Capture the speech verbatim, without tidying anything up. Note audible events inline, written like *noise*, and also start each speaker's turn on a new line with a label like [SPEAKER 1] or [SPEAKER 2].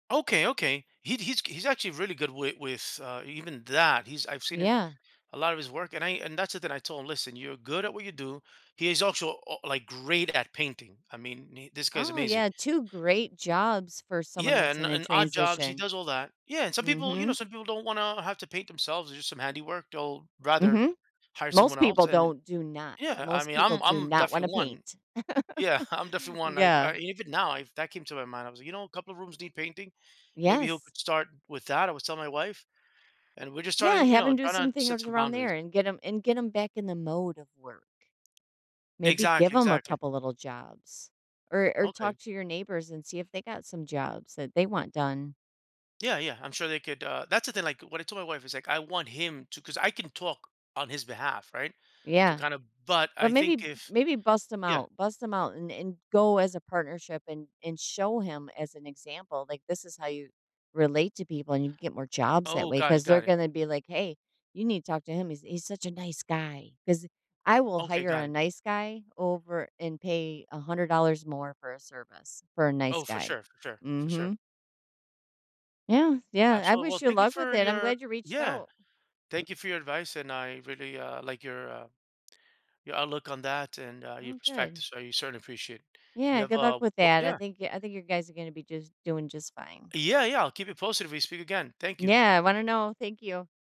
[SPEAKER 1] Okay, okay. He he's he's actually really good with with, uh, even that. He's I've seen
[SPEAKER 2] Yeah.
[SPEAKER 1] a lot of his work, and I and that's the thing that I told him, "Listen, you're good at what you do." He is also, uh, uh, like, great at painting. I mean, this guy's
[SPEAKER 2] Oh,
[SPEAKER 1] amazing.
[SPEAKER 2] yeah. two great jobs for someone
[SPEAKER 1] Yeah,
[SPEAKER 2] that's
[SPEAKER 1] and
[SPEAKER 2] in a
[SPEAKER 1] and odd jobs, he
[SPEAKER 2] transition.
[SPEAKER 1] does all that. Yeah, and some people, you know
[SPEAKER 2] Mhm.
[SPEAKER 1] some people don't wanna have to paint themselves or do some handiwork. They'll rather
[SPEAKER 2] Mhm,
[SPEAKER 1] hire
[SPEAKER 2] most
[SPEAKER 1] someone else,
[SPEAKER 2] people
[SPEAKER 1] and
[SPEAKER 2] don't do not.
[SPEAKER 1] yeah, I
[SPEAKER 2] Most
[SPEAKER 1] mean,
[SPEAKER 2] people
[SPEAKER 1] I'm
[SPEAKER 2] do
[SPEAKER 1] I'm
[SPEAKER 2] not wanna
[SPEAKER 1] definitely one.
[SPEAKER 2] paint.
[SPEAKER 1] Yeah.
[SPEAKER 2] *chuckles*
[SPEAKER 1] I'm definitely one. Like,
[SPEAKER 2] Yeah.
[SPEAKER 1] even now, if that came to my mind, I was, you know, a couple of rooms need painting. Maybe he'll
[SPEAKER 2] Yes.
[SPEAKER 1] start with that, I was telling my wife. And we're just
[SPEAKER 2] Yeah,
[SPEAKER 1] starting, you
[SPEAKER 2] have
[SPEAKER 1] know,
[SPEAKER 2] him do
[SPEAKER 1] trying to
[SPEAKER 2] some
[SPEAKER 1] set
[SPEAKER 2] things
[SPEAKER 1] some
[SPEAKER 2] around
[SPEAKER 1] boundaries.
[SPEAKER 2] there and get him and get him back in the mode of work. Maybe give
[SPEAKER 1] Exactly.
[SPEAKER 2] him a
[SPEAKER 1] Exactly.
[SPEAKER 2] couple little jobs or or
[SPEAKER 1] Okay.
[SPEAKER 2] talk to your neighbors and see if they got some jobs that they want done.
[SPEAKER 1] Yeah, yeah, I'm sure they could, uh that's the thing, like what I told my wife is, like, I want him to 'cause I can talk on his behalf, right, to
[SPEAKER 2] Yeah.
[SPEAKER 1] kinda but
[SPEAKER 2] But
[SPEAKER 1] I
[SPEAKER 2] maybe
[SPEAKER 1] think if
[SPEAKER 2] maybe bust him
[SPEAKER 1] Yeah.
[SPEAKER 2] out bust him out and and go as a partnership and and show him as an example. Like, this is how you relate to people and you get more jobs that
[SPEAKER 1] Oh,
[SPEAKER 2] way
[SPEAKER 1] got it,
[SPEAKER 2] 'cause they're
[SPEAKER 1] got it.
[SPEAKER 2] gonna be like, "Hey, you need to talk to him. He's he's such a nice guy 'cause I will
[SPEAKER 1] Okay,
[SPEAKER 2] hire
[SPEAKER 1] got
[SPEAKER 2] a
[SPEAKER 1] it.
[SPEAKER 2] nice guy over and pay a hundred dollars more for a service for a nice
[SPEAKER 1] Oh, for
[SPEAKER 2] guy,
[SPEAKER 1] sure, for sure, for sure.
[SPEAKER 2] mhm. Yeah, yeah. I
[SPEAKER 1] Absolutely. Well,
[SPEAKER 2] wish you
[SPEAKER 1] thank you
[SPEAKER 2] luck with
[SPEAKER 1] for
[SPEAKER 2] it. I'm
[SPEAKER 1] your
[SPEAKER 2] glad you reached
[SPEAKER 1] Yeah.
[SPEAKER 2] out.
[SPEAKER 1] Thank you for your advice, and I really, uh, like your, uh your outlook on that and, uh, your
[SPEAKER 2] Oh, good.
[SPEAKER 1] perspectives, so, certainly appreciate it. You
[SPEAKER 2] Yeah,
[SPEAKER 1] have
[SPEAKER 2] good luck
[SPEAKER 1] a
[SPEAKER 2] with
[SPEAKER 1] wo
[SPEAKER 2] that. I
[SPEAKER 1] Yeah.
[SPEAKER 2] think I think you guys are gonna be just doing just fine.
[SPEAKER 1] Yeah, yeah, I'll keep you posted if we speak again. Thank you.
[SPEAKER 2] Yeah, I wanna know. Thank you.